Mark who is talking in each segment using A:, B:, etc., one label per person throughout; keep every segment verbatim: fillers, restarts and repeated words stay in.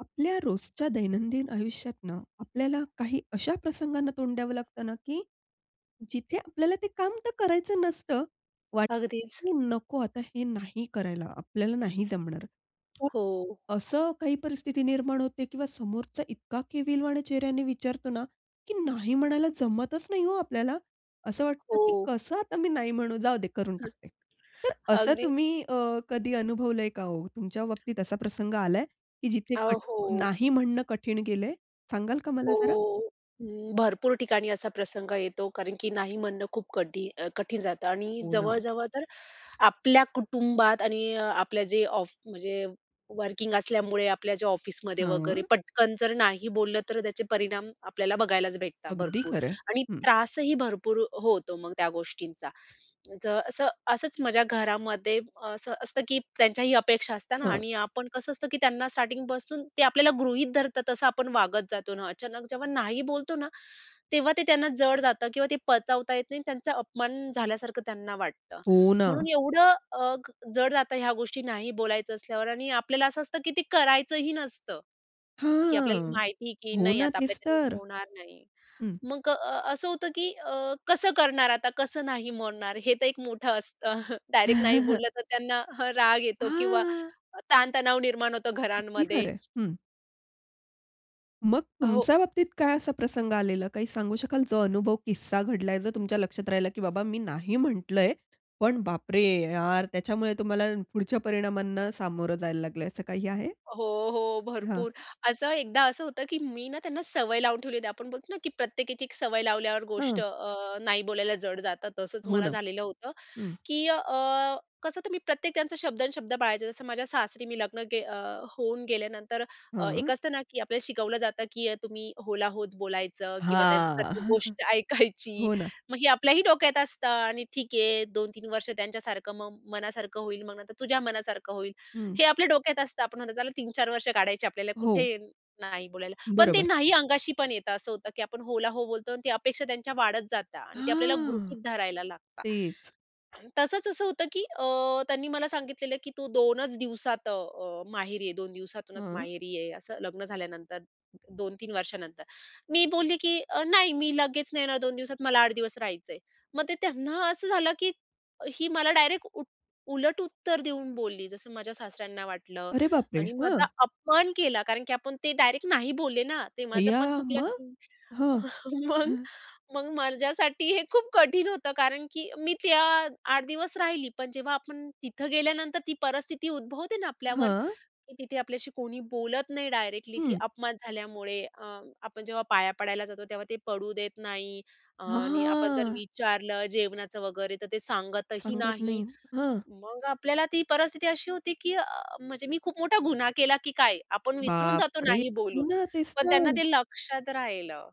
A: आपल्या रोजच्या दैनंदिन आयुष्यात ना आपल्याला काही अशा प्रसंगांना तोंड द्यावं लागतं ना, की जिथे आपल्याला ते काम तर करायचं नसतं. वाटतं,
B: अगदीच.
A: की "नको आता हे नाही करायला. आपल्याला नाही जमणार."
B: हो.
A: असं काही परिस्थिती निर्माण होते किंवा समोरचा इतका केविलवाणी चेहऱ्याने विचारतो ना, की नाही म्हणायला जमतच नाही हो आपल्याला. असं वाटतं की
B: हो.
A: "कसं आता मी नाही म्हणू. जाऊदे करून
B: हं.
A: टाकते." तर असं
B: अगदी
A: तुम्ही अ, कधी अनुभवलंय का हो? तुमच्या बाबतीत असा प्रसंग आलाय की जिथे
B: अ,
A: कट
B: हो.
A: नाही म्हणणं कठीण गेलंय सांगाल का मला जरा?
B: हो. हं, भरपूर ठिकाणी असा प्रसंग येतो कारण की नाही म्हणणं खूप कठी अ, कठीण जातं. आणि
A: हो ना.
B: जवळजवळ तर आपल्या कुटुंबात आणि अ, आपल्या जे ऑफ म्हणजे वर्किंग असल्यामुळे, आपल्या जे ऑफिसमध्ये वगैरे
A: हं.
B: पटकन जर नाही बोललं तर त्याचे परिणाम आपल्याला बघायलाच भेटतात
A: अगदी
B: भरपूर.
A: खरं आहे.
B: आणि
A: हं.
B: त्रासही भरपूर अ, होतो मग त्या गोष्टींचा. जर असं असंच माझ्या घरामध्ये असं असतं, की त्यांच्याही अपेक्षा असते ना
A: हं.
B: आणि आपण कसं असतं, की त्यांना स्टार्टिंगपासून ते आपल्याला गृहीत धरतात तसं आपण वागत जातो ना. अचानक जेव्हा नाही बोलतो ना तेव्हा ते त्यांना जड जातं किंवा ते पचवता येत नाही. त्यांचा अपमान झाल्यासारखं त्यांना वाटतं.
A: हो ना.
B: म्हणून एवढं अ, अ, क जड जातं ह्या गोष्टी नाही बोलायचं असल्यावर आणि आपल्याला असं असतं, की ती करायचंही नसतं. की आपल्याला
A: हां.
B: माहिती की
A: हो
B: नाही
A: ना,
B: आता
A: तेच
B: आपल्याच्यानी
A: तर.
B: होणार नाही.
A: हं.
B: मग अ, असं होतं, की अ, कसं करणार आता, कसं नाही म्हणणार, हे तर एक मोठं असतं. डायरेक्ट नाही बोललं तर त्यांना हा राग येतो किंवा
A: हां.
B: अ, ताण तणाव निर्माण होतो
A: अगदी खरं
B: घरांमध्ये.
A: आहे. हं. मग,
B: अहो.
A: तुमच्या बाबतीत काय असा प्रसंग आलेला काही सांगू शकाल जो अनुभव किस्सा घडलाय, जो तुमच्या लक्षात राहिला की बाबा मी नाही म्हंटलंय पण बापरे! यार, त्याच्यामुळे तुम्हाला पुढच्या परिणामांना सामोरं जायला लागलंय असं काही आहे?
B: हो, हो.
A: हां.
B: भरपूर. असं एकदा असं होतं की मी ना त्यांना सवय लावून ठेवली होती, आपण बोलतो ना की प्रत्येक एक-एक सवय लावल्यावर गोष्ट
A: हं.
B: अ, नाही बोलायला जड जातात, तसंच
A: हो
B: मला
A: ना,
B: झालेलं होतं.
A: हं.
B: की अ, कसं तर मी प्रत्येक त्यांचा शब्द आणि शब्द पाळायचे. जसं माझ्या सासरी मी लग्न गे अ, होऊन गेल्यानंतर अ, एक
A: हं.
B: असतं ना की आपल्याला शिकवलं जातं की अ, तुम्ही हो ला होच बोलायचं किंवा त्यांचं
A: हां.
B: प्रत्येक गोष्ट ऐकायची
A: हो ना.
B: मग हे आपल्याही डोक्यात असतं आणि ठीक आहे. दोन तीन वर्ष त्यांच्यासारखं मग मनासारखं होईल, मग नंतर तुझ्या मनासारखं होईल.
A: हं.
B: हे आपल्या डोक्यात असतं आपण आता चला तीन चार वर्ष काढायचे आपल्याला,
A: हो.
B: कुठे नाही बोलायला. पण ते
A: बरोबर.
B: नाही अंगाशी पण येतं. असं होतं की आपण हो ला हो बोलतो आणि ती अपेक्षा त्यांच्या वाढत जातात. आणि ते आपल्याला
A: हां,
B: गृहीत धरायला लागतात.
A: तेच.
B: तसंच असं होतं की अ, त्यांनी मला सांगितलेलं की तू दोन च दिवसात अ, माहेरी ये दोन दिवसातूनच
A: हं.
B: माहेरी ये असं लग्न झाल्यानंतर दोन तीन वर्षानंतर. मी बोलली की अ, नाही मी लगेच नाही येणार दोन दिवसात मला आठ दिवस राहायचं आहे. मग ते त्यांना असं झालं की ही मला डायरेक्ट उट उलट उत्तर देऊन बोलली जसं माझ्या सासऱ्यांना वाटलं.
A: अरे बापरे!
B: आणि माझा
A: हं.
B: अपमान केला. कारण की आपण ते डायरेक्ट नाही बोलले ना. ते माझं
A: अय्या!
B: पण चुकलं
A: मग?
B: की
A: हं.
B: मग मग माझ्यासाठी हे खूप कठीण होतं. कारण की मी त्या अ, आठ दिवस राहिली, पण जेव्हा आपण तिथं गेल्यानंतर ती परिस्थिती उद्भवते ना आपल्यावर,
A: हां.
B: की तिथे आपल्याशी कोणी बोलत नाही डायरेक्टली की
A: हं.
B: अपमान झाल्यामुळे अ, आपण जेव्हा पाया पडायला जातो तेव्हा ते पडू देत नाही.
A: हां,
B: आणि अ, आपण जर
A: हां.
B: विचारलं जेवणाचं वगैरे तर ते सांगतही
A: सांगत
B: नाही.
A: नाहीत हं.
B: मग आपल्याला ती परिस्थिती अशी होती की म्हणजे मी खूप मोठा गुन्हा केला की काय? आपण विसरून जातो
A: बापरे!
B: नाही
A: हो
B: बोलून.
A: ना तेच
B: पण त्यांना
A: तर.
B: ते लक्षात राहिलं.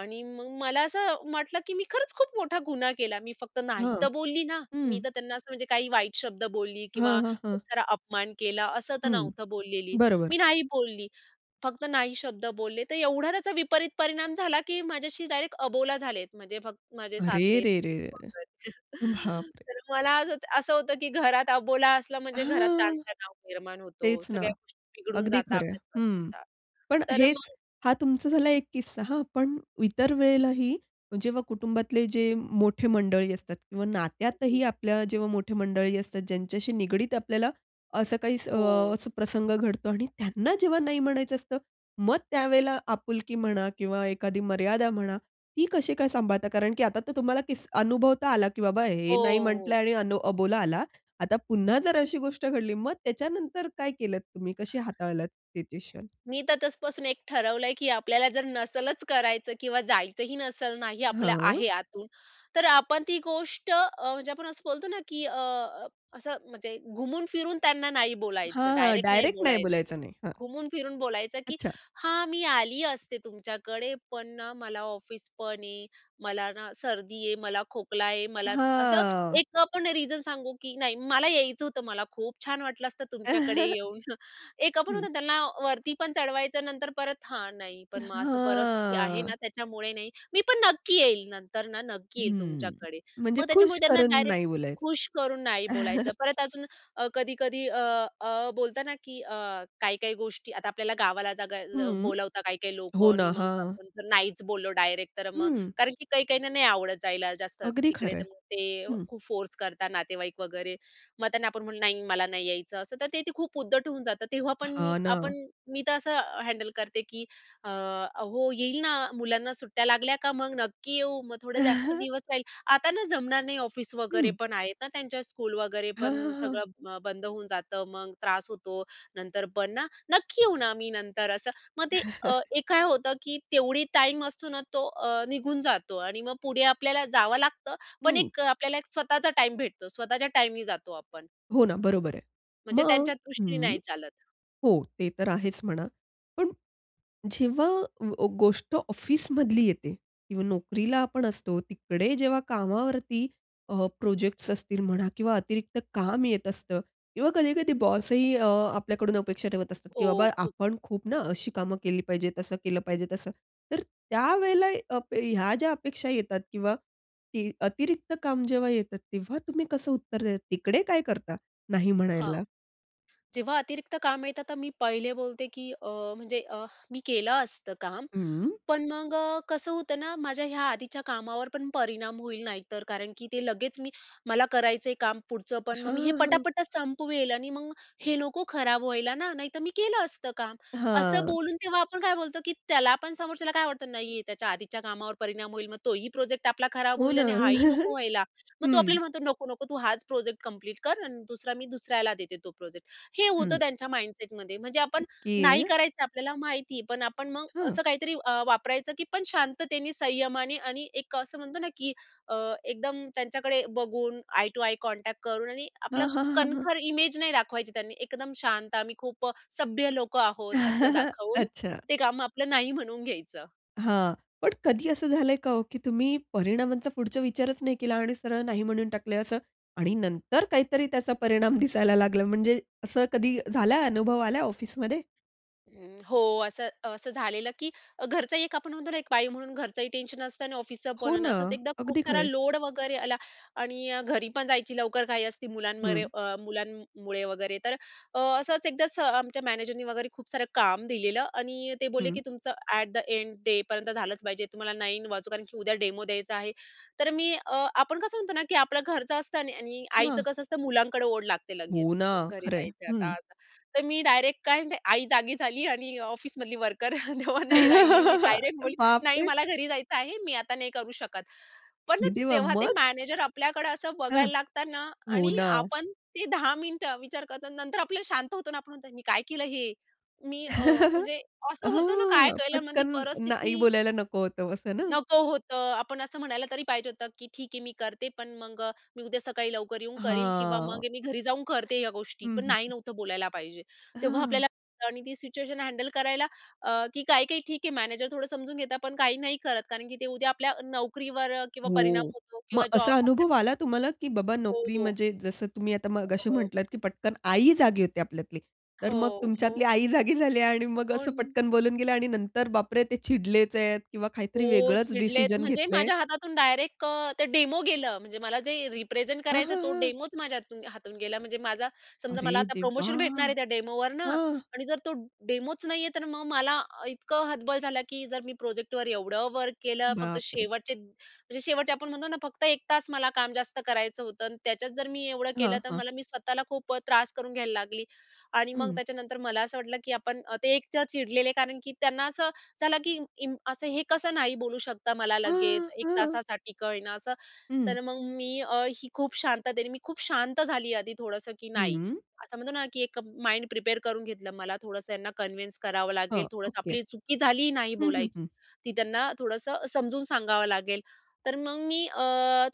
B: आणि मग मला असं म्हटलं की "मी खरंच खूप मोठा गुन्हा केला. मी फक्त नाही तर
A: हं.
B: बोलली ना." मी
A: हम्म.
B: तर त्यांना असं म्हणजे काही वाईट शब्द बोलली किंवा
A: हां, हां, हां.
B: खूप सारा अपमान केला असं तर
A: हं.
B: नव्हतं बोललेली, मी
A: बरोबर.
B: नाही बोलली. फक्त नाही शब्द बोलले तर एवढा त्याचा विपरीत परिणाम झाला की माझ्याशी डायरेक्ट अबोला झालेत म्हणजे फक्त माझे
A: अरे
B: सासरे
A: रे रे
B: [unintelligible]
A: रे बापरे!
B: तर मला असं असं होतं की घरात अबोला असला म्हणजे घरात
A: हां.
B: ताण-तणाव निर्माण होतो
A: तेच ना,
B: सगळ्या गोष्टी बिघडून
A: अगदी
B: जातात.
A: खरं आहे
B: आपल्याच
A: हं.
B: घरच्या
A: पण
B: तर
A: हेच
B: मग,
A: हा तुमचा झाला एक किस्सा हां. पण इतर वेळेलाही जेव्हा कुटुंबातले जे मोठे मंडळी असतात किंवा नात्यातही
B: अगदी.
A: आपल्या जेव्हा मोठे मंडळी असतात, ज्यांच्याशी निगडित आपल्याला असं काही अ,
B: हो.
A: असा प्रसंग घडतो आणि त्यांना जेव्हा नाही म्हणायचं असतं मग त्यावेळेला आपुलकी म्हणा किंवा एखादी मर्यादा म्हणा, ती कशी काय सांभाळता? कारण की आता तर तुम्हाला किस अनुभवता आला की बाबा
B: हो,
A: हे नाही म्हटलं
B: हो.
A: आणि अ, अबोला आला आता पुन्हा जर अशी गोष्ट घडली मग त्याच्यानंतर काय केलत तुम्ही कशी हाताळलात सिच्युएशन?
B: मी तर तसपासून एक ठरवलंय की आपल्याला जर नसलच करायचं किंवा जायचंही नसलं नाही आपल्या
A: हं.
B: आहे आतून. तर आपण ती गोष्ट अ, म्हणजे आपण असं बोलतो ना की अ, असं म्हणजे घुमून फिरून त्यांना नाही
A: हां,
B: बोलायचं,
A: हां.
B: डायरेक्ट नाही
A: डायरेक्ट नाही
B: बोलायचं.
A: बोलायचं नाही हां
B: घुमून फिरून बोलायचं की
A: अच्छा.
B: "हां! मी आली असते तुमच्याकडे, पण ना मला ऑफिसपण आहे मला ना सर्दी आहे, मला खोकला आहे मला असं
A: हां.
B: एक अ, आपण रिजन सांगू की नाही "मला यायचं होतं. मला खूप छान वाटलं असतं तुमच्याकडे येऊन." एक पण
A: हं.
B: होतं त्यांना वरतीपण चढवायचं नंतर परत हा नाही
A: अ,
B: पण मग असं परिस्थिती आहे ना
A: हां.
B: त्याच्यामुळे नाही. मी पण नक्की येईल नंतर ना नक्की येईल
A: हं,
B: तुमच्याकडे.
A: म्हणजे
B: मग
A: खुश
B: त्याच्यामुळे त्यांना
A: करून
B: डायरेक्ट
A: नाही बोलायचं?
B: खुश करून नाही बोलायचं परत अजून अ, कधी-कधी अ, अ, बोलताना की अ, काही-काही गोष्टी आता आपल्याला गावाला जगाय ज
A: हं.
B: बोलवता काही-काही
A: हो
B: लोकं आणि
A: ना.
B: मग
A: हां.
B: आपण जर नाहीच बोललो डायरेक्ट तर मग
A: हं.
B: कारण की काही काहींना नाही आवडत जायला जास्त
A: अगदी
B: तिकडे
A: खरं आहे.
B: तर मग ते
A: हं.
B: खूप फोर्स करतात नातेवाईक वगैरे. मग त्यांना आपण म्हणलं "नाही मला नाही यायचं." असं तर ते ते खूप उद्धट होऊन जातं. तेव्हा पण मी
A: हां ना.
B: आपण मी तर असं हँडल करते की "अ, हो येईल ना मुलांना सुट्ट्या लागल्या का मग नक्की येऊ, मग थोडे जास्त दिवस राहील. आता ना जमणार नाही ऑफिस वगैरे
A: हं.
B: पण आहेत ना, त्यांच्या स्कूल वगैरे
A: हां, हां,
B: पण
A: हां.
B: सगळं बंद होऊन जातं मग त्रास होतो. नंतर पण ना नक्की येऊ ना मी नंतर." असं मग ते एक काय होतं की तेवढी टाईम असतो ना तो अ, निघून जातो आणि मग पुढे आपल्याला जावं लागतं पण
A: हं.
B: एक अ, आपल्याला एक स्वतःचा टाईम भेटतो स्वतःच्या टाईमनी जातो आपण.
A: हो ना, बरोबर आहे.
B: म्हणजे
A: मग
B: त्यांच्या दृष्टीने
A: हं.
B: नाही चालत.
A: हो. ते तर आहेच म्हणा. पण जेव्हा गोष्ट अ, ऑफिसमधली येते किंवा नोकरीला आपण असतो. तिकडे जेव्हा कामावरती अ, प्रोजेक्ट्स असतील म्हणा किंवा अतिरिक्त काम येत असतं किंवा कधीकधी बॉसही अ, आपल्याकडून अपेक्षा ठेवत असतात, की
B: हो
A: बाबा
B: खूप.
A: आपण खूप ना अशी कामं केली पाहिजे तसं केलं
B: हं.
A: पाहिजे तसं. तर त्यावेळेला अप ह्या ज्या अपेक्षा येतात किंवा ती अतिरिक्त काम जेव्हा येतात तेव्हा तुम्ही कसं उत्तर देतात, तिकडे काय करता नाही
B: हां.
A: म्हणायला?
B: जेव्हा अतिरिक्त काम येतं तर मी पहिले बोलते की अ, म्हणजे अ, मी केलं असतं काम,
A: हं.
B: पण मग कसं होतं ना माझ्या ह्या आधीच्या कामावर पण परिणाम होईल नाही तर कारण की ते लगेच मी मला करायचं आहे काम पुढचं पण मग
A: हां,
B: मी हे
A: हां.
B: पटापट संपवेल आणि मग हे नको खराब व्हायला ना नाहीतर मी केलं असतं काम. असं
A: हां.
B: बोलून तेव्हा आपण काय बोलतो की त्याला पण समोरच्याला काय वाटतं नाही आहे त्याच्या आधीच्या कामावर परिणाम होईल मग तोही प्रोजेक्ट आपला खराब
A: हो
B: होईल
A: ना,
B: आणि हाही नको व्हायला. मग तो
A: हं.
B: आपल्याला म्हणतो नको नको तू हाच प्रोजेक्ट कंप्लीट कर अन दुसरा मी दुसऱ्याला देते तो प्रोजेक्ट हे होतं
A: हं.
B: त्यांच्या माइंडसेटमध्ये म्हणजे आपण नाही
A: ओके.
B: करायचं आपल्याला माहिती आहे पण आपण मग
A: हं.
B: असं काहीतरी अ, वापरायचं की पण शांततेने, संयमाने आणि एक असं म्हणतो ना की अ, एकदम त्यांच्याकडे बघून आई टू आई कॉन्टॅक्ट करून आणि आपला
A: हां, हां, हां, हां.
B: कणखर इमेज नाही दाखवायची त्यांनी एकदम शांत आम्ही खूप सभ्य लोकं आहोत, असं दाखवून
A: अच्छा.
B: ते काम आपलं नाही म्हणून घ्यायचं.
A: हां, पण कधी असं झालंय का ओ की तुम्ही परिणामांचा पुढचा विचारच नाही केला आणि सरळ नाही म्हणून टाकलंय असं आणि नंतर काहीतरी त्याचा परिणाम दिसायला लागला म्हणजे असं कधी झाला अनुभव आला ऑफिसमध्ये?
B: हं. हो. असं असं झालेलं की घरचं एक आपण म्हणतो ना एक बाई म्हणून घरचंही टेन्शन असतं आणि ऑफिसचं पण
A: हो
B: आणि
A: ना,
B: असंच एकदा खूप
A: अगदी खरं
B: सारा
A: आहे.
B: लोड वगैरे आला आणि अ, घरी पण जायची लवकर घाई असते मुलांमध्ये
A: हं.
B: अ, मुलांमुळे वगैरे. तर अ, असंच एकदा आमच्या मॅनेजरने वगैरे खूप सारं काम दिलेलं आणि ते बोलले
A: हं.
B: की तुमचं एट द एंड डेपर्यंत झालंच पाहिजे. तुम्हाला नाईन वाजु कारण की उद्या डेमो द्यायचा आहे. तर मी अ, आपण कसं म्हणतो ना की आपलं घरचं असतं. आणि आणि आईचं
A: वाह!
B: कसं असतं मुलांकडे ओढ लागते
A: हो
B: लगेच
A: ना,
B: घरी
A: खरं आहे.
B: जायचं आता
A: हं.
B: असं. तर मी डायरेक्ट काय म्हणते आई जागी झाली आणि ऑफिसमधली वर्कर तेव्हा नाही राहिली. मी डायरेक्ट बोलली "नाही
A: बापरे!
B: मला घरी जायचं आहे मी आता नाही करू शकत." पण ना
A: हे देवा!
B: तेव्हा ते
A: मग?
B: मॅनेजर आपल्याकडं असं
A: हं.
B: बघायला लागतात ना
A: हो
B: आणि
A: ना.
B: आपण ते दहा मिनिटं विचार करतात आणि नंतर आपलं शांत होतो ना आपण तर मी काय केलं हे, मी अ, म्हणजे असं होतं ना काय
A: हां,
B: केलं मग ती
A: पटकन नाही
B: परिस्थिती.
A: बोलायला नको होतं असं ना?
B: नको होतं. आपण असं म्हणायला तरी पाहिजे होतं की ठीक आहे, मी करते पण मग मी उद्या सकाळी लवकर येऊन करील किंवा
A: हां.
B: मग मी घरी जाऊन करते या गोष्टी
A: हं,
B: पण
A: हं,
B: नाही
A: हं.
B: नव्हतं बोलायला पाहिजे. तेव्हा आपल्याला कळतं आणि ती सिच्युएशन हँडल करायला अ, की काही-काही ठीक आहे मॅनेजर थोडं समजून घेतात पण काही नाही करत कारण की ते उद्या आपल्या नोकरीवर किंवा परिणाम
A: हो,
B: होतो
A: मग
B: किंवा जॉब
A: असा अनुभव
B: आपल्याकडून.
A: आला तुम्हाला की बाबा नोकरी
B: हो.
A: म्हणजे जसं तुम्ही आता मगाशी
B: हो.
A: म्हटलात की पटकन आई जागी होती आपल्यातली. तर मग
B: हो, हो.
A: तुमच्यातली आई जागी झाली आणि मग असं
B: कोण?
A: पटकन बोलून गेल्या आणि नंतर बापरे ते चिडलेच आहेत किंवा काहीतरी
B: हो.
A: वेगळंच
B: चिडलेत
A: डिसिजन
B: म्हणजे
A: घेतलंय?
B: माझ्या हातातून डायरेक्ट अ, ते डेमो गेलं, म्हणजे मला जे रिप्रेझेंट
A: हां,
B: करायचं
A: हां,
B: तो
A: हां.
B: डेमोच माझ्या हातून हातून गेला, म्हणजे माझा समजा
A: अरे
B: मला आता
A: देवा!
B: प्रोमोशन भेटणार आहे त्या डेमोवर ना
A: हं.
B: आणि जर तो डेमोच नाही आहे, तर मग मला इतकं हतबल झालं की जर मी प्रोजेक्टवर एवढं वर्क केलं फक्त
A: बापरे!
B: शेवटचे म्हणजे शेवटचे आपण म्हणतो ना फक्त एक तास मला काम जास्त करायचं होतं आणि त्याच्यात जर मी एवढं
A: हां,
B: केलं तर
A: हां.
B: मला मी स्वतःला खूप अ, त्रास करून घ्यायला लागली. आणि मग
A: हं.
B: त्याच्यानंतर मला असं वाटलं की आपण ते एकतर चिडलेले कारण की त्यांना असं झालं की असं हे कसं नाही बोलू शकता मला लगेच
A: हां,
B: एक
A: हां.
B: तासासाठी का होईना असं
A: हं.
B: तर मग मी अ, ही खूप शांततेनी मी खूप शांत झाली आधी थोडंसं की नाही,
A: हम्म.
B: असं म्हणतो ना की एक माइंड प्रिपेअर करून घेतलं. मला थोडंसं यांना कन्विन्स करावं
A: हां,
B: लागेल थोडंसं
A: ओके,
B: आपली चुकी झाली नाही
A: हं, हं,
B: बोलायची.
A: हं.
B: ती त्यांना थोडंसं समजून सांगावं लागेल. तर मग मी अ,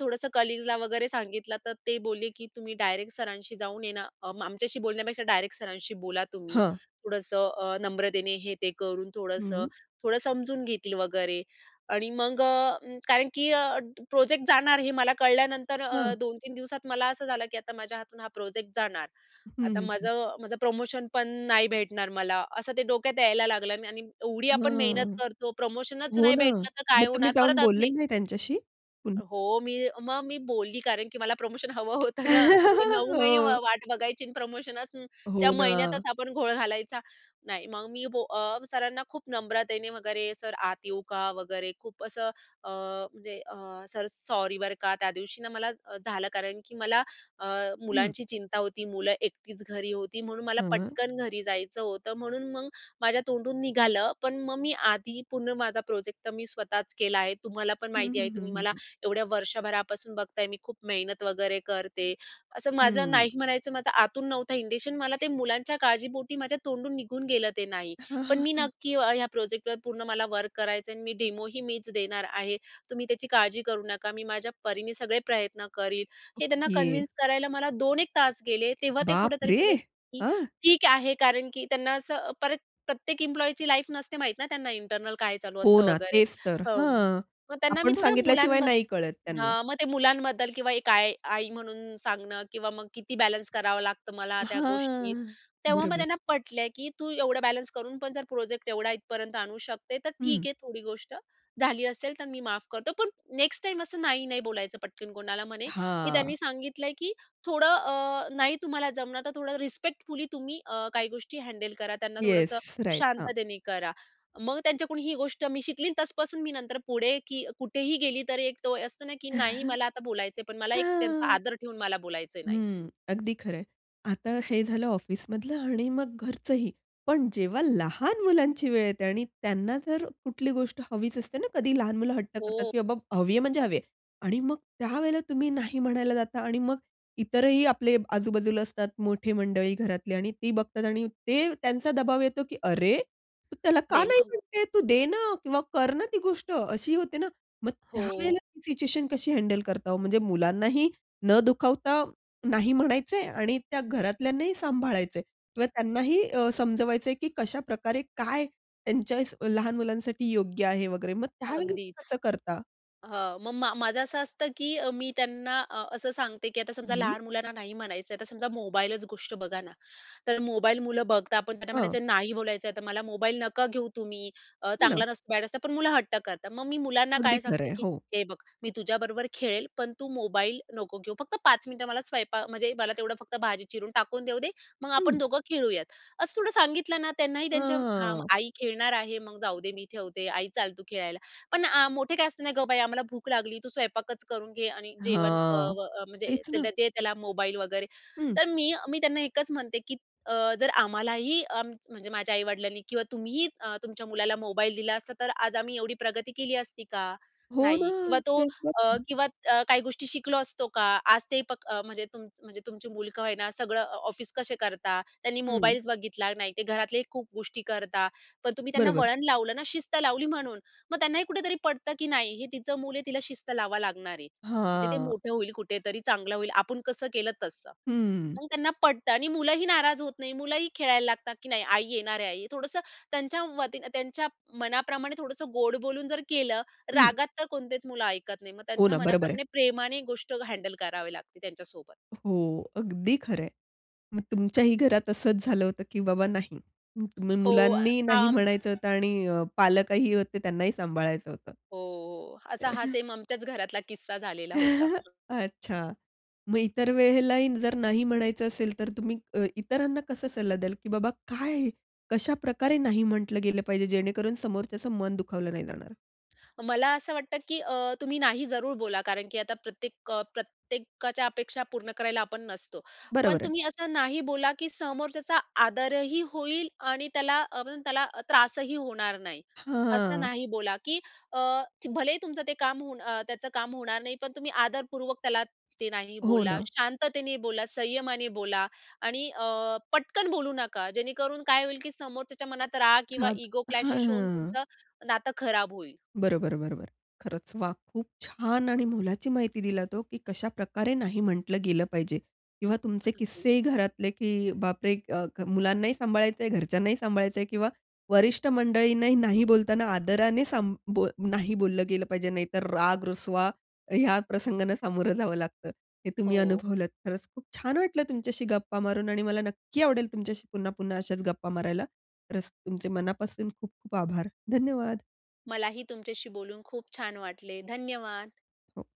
B: थोडंसं कलीग्सला वगैरे सांगितलं तर ते बोलले की तुम्ही डायरेक्ट सरांशी जाऊन ये ना आमच्याशी बोलण्यापेक्षा डायरेक्ट सरांशी बोला तुम्ही.
A: हां.
B: थोडंसं अ, नम्रतेने हे ते करून थोडंसं
A: हं.
B: थोडं समजून घेतील वगैरे आणि मग अ, कारण की अ, प्रोजेक्ट जाणार हे मला कळल्यानंतर
A: हं.
B: अ, दोन तीन दिवसात मला असं झालं की आता माझ्या हातून हा प्रोजेक्ट जाणार.
A: हं,
B: आता
A: हं, हं.
B: माझं माझं प्रमोशन पण नाही भेटणार मला असं ते डोक्यात यायला लागलं आणि एवढी आपण मेहनत
A: हं.
B: करतो प्रमोशनच
A: हो
B: नाही
A: ना.
B: भेटलं तर काय
A: मग तुम्ही
B: होणार
A: जाऊन
B: परत आजून
A: बोलले
B: एक
A: नाही त्यांच्याशी? पुन्
B: हो, मी मग मी बोलली कारण की मला प्रमोशन हवं होतं ना. एवढं नऊ महिने वा
A: हो.
B: वाट बघायची आणि प्रमोशनसच च्या
A: हो ना.
B: महिन्यातच आपण घोळ घालायचा. नाही मग मी बो अ, सरांना खूप नम्रतेने वगैरे "सर आत येऊ का?" वगैरे खूप असं अ, म्हणजे अ, "सर सॉरी बरं का. त्यादिवशी ना मला अ, झालं कारण की मला अ,
A: हं.
B: मुलांची चिंता होती. मुलं एकटीच घरी होती, म्हणून मला
A: हं.
B: पटकन घरी जायचं होतं म्हणून मग माझ्या तोंडून निघालं. पण मग मी आधी पूर्ण माझा प्रोजेक्ट तर मी स्वतःच केला आहे. तुम्हालापण
A: हं,
B: माहिती आहे
A: हं, हं,
B: तुम्ही
A: हं,
B: मला
A: हं.
B: एवढ्या वर्षभरापासून बघताय मी खूप मेहनत वगैरे करते. असं माझं नाही
A: हं.
B: म्हणायचं माझं आतून नव्हता इंनटेनशन, मला ते मुलांच्या काळजीपोटी माझ्या तोंडून निघून गेलं ते नाही
A: हां,
B: पण
A: हां,
B: मी
A: हां.
B: नक्की अ, ह्या प्रोजेक्टवर पूर्ण मला वर्क करायचं आहे आणि मी डेमोही मीच देणार आहे. तुम्ही त्याची काळजी करू नका. मी माझ्या परीने सगळे प्रयत्न करीन." हे त्यांना
A: ओके.
B: कन्विन्स करायला मला दोन एक तास गेले. तेव्हा ते कुठेतरी
A: बापरे!
B: बोलले की
A: हं.
B: "ठीक आहे." कारण की त्यांना असं परत प्रत्येक एम्प्लॉयची लाईफ नसते माहीत ना त्यांना इंटरनल काय चालू
A: हो
B: असतं
A: ना
B: वगैरे
A: तेच तर,
B: हं.
A: हां.
B: मग त्यांना मी
A: आपण
B: थोडं
A: सांगितल्याशिवाय
B: मुलांबद्दल
A: नाही कळत त्यांना.
B: हां मग ते मुलांबद्दल किंवा एक आई, आई म्हणून सांगणं किंवा मग किती बॅलन्स करावं लागतं मला त्या गोष्टी.
A: हां,
B: तेव्हा मग
A: बरोबर.
B: त्यांना पटल्या की "तू एवढं बॅलन्स करून पण जर प्रोजेक्ट एवढा इथपर्यंत जाणू शकते तर
A: हं.
B: ठीक आहे थोडी गोष्ट झाली असेल तर मी माफ करतो. पण नेक्स्ट टाईम असं नाही नाही बोलायचं पटकन कोणाला." म्हणे की
A: हां.
B: त्यांनी सांगितलंय की "थोडं अ, नाही तुम्हाला जमणार तर थोडं रिस्पेक्टफुली तुम्ही अ, काही गोष्टी हँडल करा, त्यांना
A: येस,
B: थोडंसं
A: राइट. हां.
B: शांततेने करा." मग त्यांच्याकडून ही गोष्ट मी शिकली तसपासून मी नंतर पुढे की कुठेही गेली तर एक तो असतं ना की नाही मला आता बोलायचं आहे, पण मला एक त्यांचा आदर ठेऊन मला बोलायचं नाही.
A: हं, अगदी खरं आहे. आता हे झालं ऑफिसमधलं आणि मग घरचंही. पण जेव्हा लहान मुलांची वेळ येते आणि त्यांना जर कुठली गोष्ट हवीच असते ना कधी लहान मुलं हट्ट करतात
B: हो.
A: की बाबा हवी आहे म्हणजे हवी आहे. आणि मग त्यावेळेला तुम्ही नाही म्हणायला जाता आणि मग इतरही आपले आजूबाजूला असतात मोठे मंडळी घरातले आणि ती बघतात आणि ते त्यांचा दबाव येतो की "अरे! तू त्याला का नाही
B: द्यायला हवं.
A: म्हणते तू दे ना किंवा कर ना ती गोष्ट अशी होते ना." मग
B: हो.
A: त्यावेळेला ती सिच्युएशन कशी हँडल करता. हो म्हणजे मुलांनाही न दुखावता नाही म्हणायचे आणि त्या घरातल्यांनाही सांभाळायचं आहे किंवा त्यांनाही अ, समजवायचं आहे की कशाप्रकारे काय त्यांच्या लहान मुलांसाठी योग्य आहे वगैरे मग त्यावेळेला ते
B: अगदीच
A: कसं करता?
B: हां. मग मा माझं असं असतं की अ, मी त्यांना अ, असं सांगते की आता समजा
A: हं.
B: लहान मुलांना नाही म्हणायचं आता समजा मोबाईलच गोष्ट बघा ना. तर मोबाईल मुलं बघता आपण त्यांना
A: हां.
B: म्हणायचं नाही बोलायचं आहे तर मला मोबाईल नका घेऊ तुम्ही अ,
A: हो ना.
B: चांगला नसतं बॅड असतं पण मुलं हट्ट करतात. मग मी मुलांना
A: अगदी
B: काय
A: खरं
B: सांगते
A: आहे.
B: की
A: हो.
B: "हे बघ, मी तुझ्याबरोबर खेळेल पण तू मोबाईल नको घेऊ फक्त पाच मिनिटं मला स्वयंपाक म्हणजे मला तेवढं फक्त भाजी चिरून टाकून देऊ दे, मग
A: हं.
B: आपण दोघं खेळूयात." असं थोडं सांगितलं ना त्यांनाही त्यांच्या हां.
A: हां.
B: आई खेळणार आहे, मग जाऊ दे मी ठेवते आई चाल तू खेळायला. पण आ मोठे काय असतं नाही "गं बया आम्हाला भूक लागली तू स्वयंपाकच करून घे. आणि जेवण" अ,
A: हां,
B: व अ, म्हणजे
A: हेच ना.
B: दे त्याला मोबाईल वगैरे.
A: हं.
B: तर मी, मी त्यांना एकच म्हणते की अ, "जर आम्हालाही अ, म्हणजे माझ्या आई-वडिलांनी किंवा तुम्हीही अ, तुमच्या मुलाला मोबाईल दिला असता तर आज आम्ही एवढी प्रगती केली असती का?"
A: हो ना,
B: नाही किंवा तो
A: तेच
B: अ,
A: [unintelligible]
B: किंवा अ, काही गोष्टी शिकलो असतो का? आज ते प म्हणजे तुमचं म्हणजे तुमची मुल का होईना सगळं अ, ऑफिस कसे करतात? त्यांनी
A: हं.
B: मोबाइल्स बघितला नाही ते घरातले खूप गोष्टी करतात पण तुम्ही त्यांना
A: बरोबर.
B: वळण लावलं ना, शिस्त लावली म्हणून. मग त्यांनाही कुठेतरी पटतं की नाही हे तिचं मूल आहे तिला शिस्त लावावं लागणार आहे. म्हणजे ते
A: हां.
B: मोठं होईल कुठेतरी चांगलं होईल, आपण कसं केलं तसं.
A: हं.
B: मग त्यांना पटतं आणि मुलंही नाराज होत नाही मुलंही खेळायला लागतात की नाही आई येणार आहे. आई थोडंसं त्यांच्या वतीनं त्यांच्या मनाप्रमाणे थोडंसं गोड बोलून जर केलं
A: हं.
B: रागात तर कोणतेच मुलं ऐकत नाही. मग
A: हो
B: त्यांच्या
A: ना. बरोबर आहे.
B: मनाप्रमाणे प्रेमाने गोष्ट हँडल करावी लागते त्यांच्यासोबत.
A: हो, अगदी खरं आहे. मग तुमच्याही घरात असंच झालं होतं की बाबा नाही. तुम्ही
B: हो. अ,
A: मुलांनी नाही
B: हं.
A: म्हणायचं होतं आणि अ, पालकही होते त्यांनाही सांभाळायचं होतं.
B: हो, हो. असा हा सेम आमच्याच घरातला किस्सा झालेला होता.
A: अच्छा, मग इतर वेळेलाही जर नाही म्हणायचं असेल तर तुम्ही अ, इतरांना कसा सल्ला द्याल? की बाबा काय कशाप्रकारे नाही म्हटलं गेलं पाहिजे जेणेकरून समोरच्याचं मन दुखावलं नाही जाणार.
B: मला असं वाटतं की अ, तुम्ही नाही जरूर बोला, कारण की आता प्रत्येक अ, प्रत्येकाच्या अपेक्षा पूर्ण करायला आपण नसतो. पण
A: बरोबर आहे.
B: तुम्ही असं नाही बोला, की समोरच्याचा आदर ही होईल आणि त्याला अ, त्याला अ, त्रासही होणार नाही. असं
A: हां.
B: नाही बोला, की अ, भलेही तुमचं ते काम होऊन अ, त्याचं काम होणार नाही, पण तुम्ही आदरपूर्वक त्याला ते नाही
A: हो
B: बोला.
A: ना.
B: शांततेने बोला, संयमाने बोला आणि अ, पटकन बोलू नका, जेणेकरून काय होईल की समोरच्याच्या मनात राग किंवा
A: राग.
B: इगो
A: हां, हां,
B: क्लॅशेश होऊन
A: हां.
B: तुमचं नातं खराब होईल.
A: बरोबर, बरोबर. खरचं वा! खूप छान! आणि मोलाची माहिती दिलात हो, की कशाप्रकारे नाही म्हटलं गेलं पाहिजे किंवा तुमचे
B: अगदीचं.
A: किस्सेही घरातले की बापरे! अ, क मुलांनाही सांभाळायचं आहे, घरच्यांनाही सांभाळायचं आहे किंवा वरिष्ठ मंडळींनाही नाही बोलताना आदराने सांभ बोल नाही बोललं गेलं पाहिजे. नाहीतर राग, रुसवा ह्या प्रसंगांना सामोरं जावं लागतं, हे तुम्ही
B: हो.
A: अनुभवलंत. खरचं! खूप छान वाटलं तुमच्याशी गप्पा मारून आणि मला नक्की आवडेल तुमच्याशी पुन्हा-पुन्हा अशाचं गप्पा मारायला. खरचं, तुमचे मनापासून खूप-खूप आभार, धन्यवाद!
B: मलाही तुमच्याशी बोलून खूप छान वाटले. धन्यवाद.
A: हो.